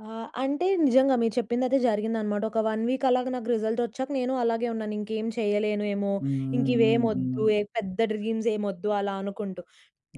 ఆ! అంటే నిజంగా మీరు చెప్పిందయితే జరిగిందనమాట. ఒక 1 వీక్ అలాగా నాకు రిజల్ట్ వచ్చాక నేను అలాగే ఉన్నాను, ఇంకేం చేయలేనేమో, హ్మ్. ఇంకా హ్మ్. ఇవేమి హ్మ్. వద్దు, హ్మ్. ఏ పెద్ద డ్రీమ్స్ ఏమి వద్దు అలా అనుకుంటూ.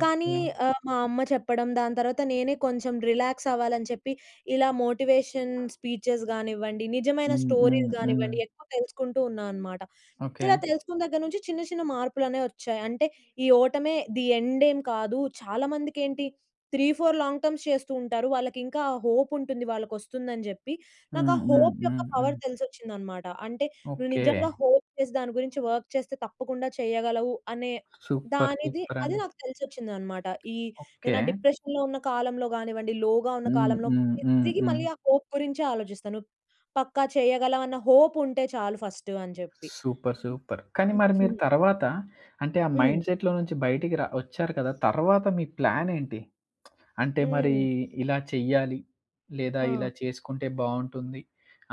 కానీ ఓకే. ఆహ్, మా అమ్మ చెప్పడం, దాని తర్వాత నేనే కొంచెం రిలాక్స్ అవ్వాలని చెప్పి, ఇలా మోటివేషన్ స్పీచెస్ గానివ్వండి, నిజమైన హ్మ్. స్టోరీస్ హ్మ్. హ్మ్. గానివ్వండి, ఎక్కువ తెలుసుకుంటూ ఉన్నా అనమాట. ఓకే. ఇలా తెలుసుకున్న దగ్గర నుంచి, చిన్న చిన్న మార్పులనేవి వచ్చాయి. అంటే, ఈ ఓటమే ది ఎండ్ ఏమి కాదు. చాలా మందికేంటి, త్రీ ఫోర్ లాంగ్ టర్మ్స్ చేస్తూంటారు. వాళ్ళకి ఇంకా హోప్ ఉంటుంది. వాళ్ళకొస్తుందని జెప్పి, నాకు హ్మ్. ఆ హ్మ్. హోప్ యొక్క హ్మ్. హ్మ్. పవర్ తెలిసొచ్చిందనమాట. అంటే. నువ్వు ఓకే. నిజంగా హోప్ చేసి దాని గురించి వర్క్ చేస్తే తప్పకుండా చేయగలవు అనే, సూపర్, దానిది అది సూపరండి. నాకు తెలిసొచ్చిందనమాట. ఈ నేను ఓకే. ఆ డిప్రెషన్‌లో ఉన్న కాలంలో గానివ్వండి, లోగా ఉన్న హ్మ్. కాలంలో హ్మ్. హ్మ్. తిరిగి హ్మ్. మళ్ళీ ఆ హోప్ గురించే ఆలోజిస్తాను. పక్కా చేయగలం అన్న హోప్ ఉంటే చాలు ఫస్ట్ అని జెప్పి. Super, super. కానీ మరి మీరు తర్వాత అంటే, ఆ హ్మ్. మైండ్‌సెట్‌లో నుంచి బయటికి ర వచ్చారు కదా! తర్వాత మీ ప్లానేంటి? అంటే మరి, హ్మ్. ఇలా చెయ్యాలి, లేదా ఇలా ఆ! చేసుకుంటే బావుంటుంది.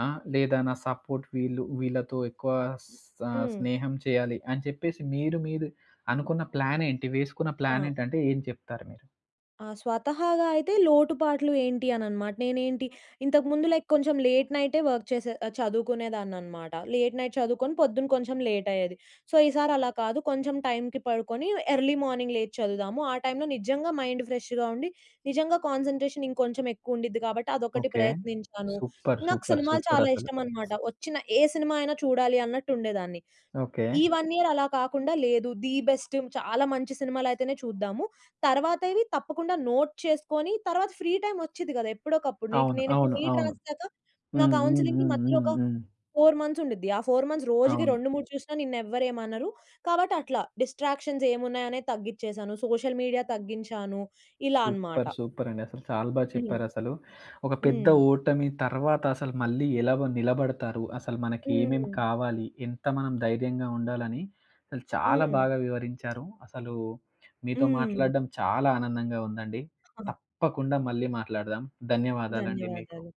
ఆ! లేదా నా సపోర్ట్ వీళ్ళు, వీళ్ళతో ఎక్కువ స హ్మ్. స్నేహం చేయాలి అని చెప్పేసి, మీరు మీరు అనుకున్న ప్లానేంటి వేసుకున్న ఆ! ప్లానేంటి, అంటే ఏం చెప్తారు మీరు? ఆ! స్వతహాగా అయితే, లోటుపాట్లు ఏంటి అననమాట. నేనేంటి ఇంతకు ముందు లైక్ కొంచెం లేట్ నైటే వర్క్ చేసే చదువుకునేదాన్ననమాట. లేట్ నైట్ చదువుకొని, పొద్దున కొంచెం లేట్ అయ్యేది. సో, ఈసారి అలా కాదు కొంచెం టైంకి పడుకొని, ఎర్లీ మార్నింగ్ లేచి చదువుదాము. ఆ టైంలో నిజంగా మైండ్ ఫ్రెష్‌గా ఉండి, నిజంగా కాన్సన్‌ట్రేషన్ ఇంకొంచెం ఎక్కువ ఉండిద్ది కాబట్టి అదొకటి ఓకే. ప్రయత్నించాను. సూపర్. నాకు సూపర్. సినిమాలు సూపర్. చాలా అసలు. ఇష్టమనమాట. వచ్చిన ఏ సినిమా అయినా చూడాలి అన్నట్టు ఉండేదాన్ని. ఈ ఓకే. 1 ఇయర్ అలా కాకుండా లేదు ది బెస్ట్ చాలా మంచి సినిమాలయితేనే చూద్దాము. తరువాత ఇవి తప్పకుండా నోట్ చేసుకొని తరువాత ఫ్రీ టైమ్ వచ్చిద్ది కదా! ఎప్పుడోకప్పుడు అవును. నేను ఇప్పుడు అవును. నీట్ అవును. రాసేసాక నా హ్మ్. హ్మ్. కౌన్సెలింగ్‌కి హ్మ్. మధ్యలో హ్మ్. ఒక హ్మ్. 4 మంత్స్ ఉండుద్ది. ఆ 4 మంత్స్ రోజుకి అవును. 2, 3 చూసినా నిన్నెవ్వరేమనరు. కాబట్టి, అట్లా డిస్ట్రాక్షన్స్ ఏమున్నాయనేది తగ్గిచ్చేసాను. సోషల్ మీడియా తగ్గించాను ఇలా అనమాట. సూపర్ సూపరండి అసలు. చాలా బా హ్మ్. చెప్పారసలు. ఒక పెద్ద హ్మ్. ఓటమి తర్వాత అసలు మళ్ళీ ఎలా వ నిలబడతారు? అసలు మనకి ఏమేమి హ్మ్. కావాలి, ఎంత మనం ధైర్యంగా ఉండాలని, అసలు చాలా హ్మ్. బాగా వివరించారు. అసలు మీతో హ్మ్. మాట్లాడడం చాలా ఆనందంగా ఉందండి. తప్పకుండా మళ్ళీ మాట్లాడదాం ధన్యవాదాలండి మీకు. ధన్యవాదాలు.